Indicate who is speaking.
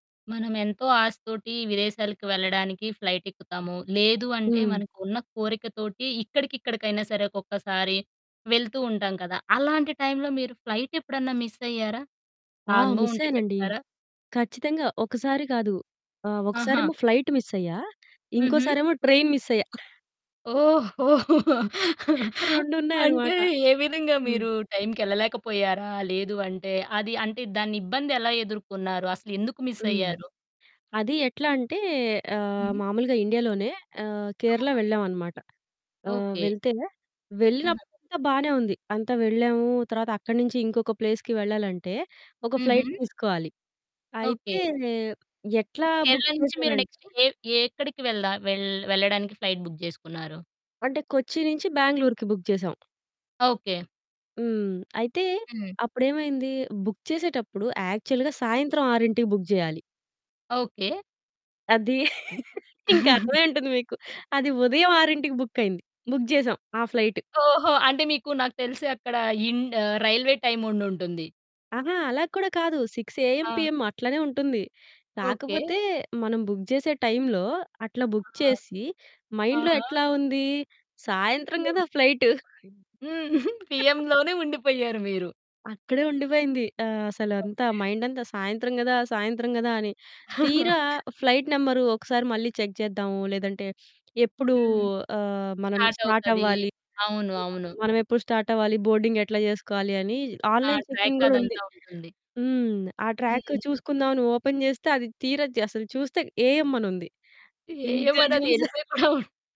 Speaker 1: మనం ఎంతో ఆశ తోటి విదేశాలకు వెళ్ళడానికి ఫ్లైట్ ఎక్కుతాము. లేదు అంటే
Speaker 2: హ్మ్.
Speaker 1: మనకున్న కోరిక తోటి ఇక్కడికిక్కడికైనా సరే ఒక్కొక్కసారి వెళ్తూ ఉంటాం కదా! అలాంటి టైంలో మీరు ఫ్లైట్ ఎప్పుడన్నా మిస్ అయ్యారా? ఆ
Speaker 2: ఆ!
Speaker 1: అనుభవం
Speaker 2: మిస్
Speaker 1: ఉంటే
Speaker 2: అయ్యానండి.
Speaker 1: చెప్తారా?
Speaker 2: ఖచ్చితంగా. ఒకసారి కాదు. ఆహ్,
Speaker 1: ఆహా!
Speaker 2: ఒకసారేమో ఫ్లైట్ మిస్ అయ్యా.
Speaker 1: హుహు.
Speaker 2: ఇంకోసారేమో ట్రైన్ మిస్ అయ్యా.
Speaker 1: ఓహో! అంటే
Speaker 2: రెండున్నాయనమాట.
Speaker 1: ఏ విధంగా
Speaker 2: హ్మ్.
Speaker 1: మీరు టైంకి ఎళ్ళలేకపోయారా? లేదు అంటే అది అంటే దాని ఇబ్బందెలా ఎదుర్కొన్నారు? అసలెందుకు మిస్
Speaker 2: హ్మ్.
Speaker 1: అయ్యారు?
Speaker 2: అది ఎట్లా అంటే ఆహ్,
Speaker 1: హ్మ్.
Speaker 2: మామూలుగా ఇండియాలోనే ఆహ్, కేరళ
Speaker 1: ఆహా!
Speaker 2: వెళ్ళామనమాట. ఆహ్,
Speaker 1: ఓకే.
Speaker 2: వెళ్తే
Speaker 1: ఆహా!
Speaker 2: వెళ్ళినప్పుడంతా బానే ఉంది. అంతా వెళ్ళాము. తర్వాత అక్కన్నించి ఇంకొక ప్లేస్‌కి వెళ్ళాలంటే, ఒక ఫ్లైట్
Speaker 1: హుహు.
Speaker 2: తీసుకోవాలి. అయితే
Speaker 1: ఓకే.
Speaker 2: ఎట్లా
Speaker 1: అంటే
Speaker 2: బుక్
Speaker 1: కేరళ నుంచి మీరు
Speaker 2: చేసానంటే
Speaker 1: నెక్స్ట్ ఎ ఎక్కడికి వెళ్దా వెళ్ వెళ్ళడానికి ఫ్లైట్ బుక్ జేసుకున్నారు?
Speaker 2: అంటే కొచ్చి నుంచి బ్యాంగ్లోర్‌కి బుక్ చేసాం.
Speaker 1: ఓకే.
Speaker 2: హ్మ్. అయితే
Speaker 1: హ్మ్.
Speaker 2: అప్పుడేమైంది? బుక్ చేసేటప్పుడు యాక్చువల్‌గా సాయంత్రం 6కి బుక్ చేయాలి.
Speaker 1: ఓకే.
Speaker 2: అదీ ఇంక అర్థమయ్యుంటుంది మీకు. అది ఉదయం 6కి బుక్ అయింది. బుక్ జేసాం ఆ ఫ్లైట్.
Speaker 1: ఓహో! అంటే మీకు నాకు తెలిసి అక్కడ ఇన్ ఆహ్, రైల్వే టైమ్ ఉండుంటుంది.
Speaker 2: అహా! అలా కూడా కాదు. 6 ఏఎం,
Speaker 1: ఆ!
Speaker 2: పీఎం అట్లనే ఉంటుంది.
Speaker 1: ఓకే.
Speaker 2: కాకపోతే మనం బుక్ జేసే టైంలో అట్లా బుక్
Speaker 1: ఆహా!
Speaker 2: చేసి, మైండ్‌లో
Speaker 1: ఆహా!
Speaker 2: ఎట్లా ఉంది? సాయంత్రం
Speaker 1: పీఎం.
Speaker 2: గదా ఫ్లైట్.
Speaker 1: హ్మ్. పీఎంలోనే ఉండిపోయారు మీరు.
Speaker 2: అక్కడే ఉండిపోయింది. ఆహ్, అసలంతా
Speaker 1: ఓకే.
Speaker 2: మైండ్ అంతా సాయంత్రం గదా సాయంత్రం గదా అని. తీరా ఫ్లైట్ నెంబర్ ఒకసారి మళ్ళీ చెక్ చేద్దాము లేదంటే ఎప్పుడూ
Speaker 1: హ్మ్.
Speaker 2: ఆహ్, మనం
Speaker 1: స్టార్ట్
Speaker 2: స్టార్ట్
Speaker 1: అవుతది.
Speaker 2: అవ్వాలి?
Speaker 1: అవును. అవును.
Speaker 2: మనమెప్పుడు స్టార్ట్ అవ్వాలి? బోర్డింగ్ ఎట్లా జేసుకోవాలి? అని
Speaker 1: ఆ!
Speaker 2: ఆన్‌లైన్ చెకింగ్
Speaker 1: ట్రాక్
Speaker 2: గూడా ఉంది.
Speaker 1: అదంతా ఉంటుంది.
Speaker 2: హ్మ్. ఆ ట్రాక్
Speaker 1: హ్మ్.
Speaker 2: చూసుకుందాం అని ఓపెన్ జేస్తే. అది తీరా అసలు చూస్తే ఏఎం అని ఉంది.
Speaker 1: ఏఎం
Speaker 2: ఇంకా
Speaker 1: అన్నది అది
Speaker 2: జూస్
Speaker 1: ఎల్లిపోయి బావుంటది.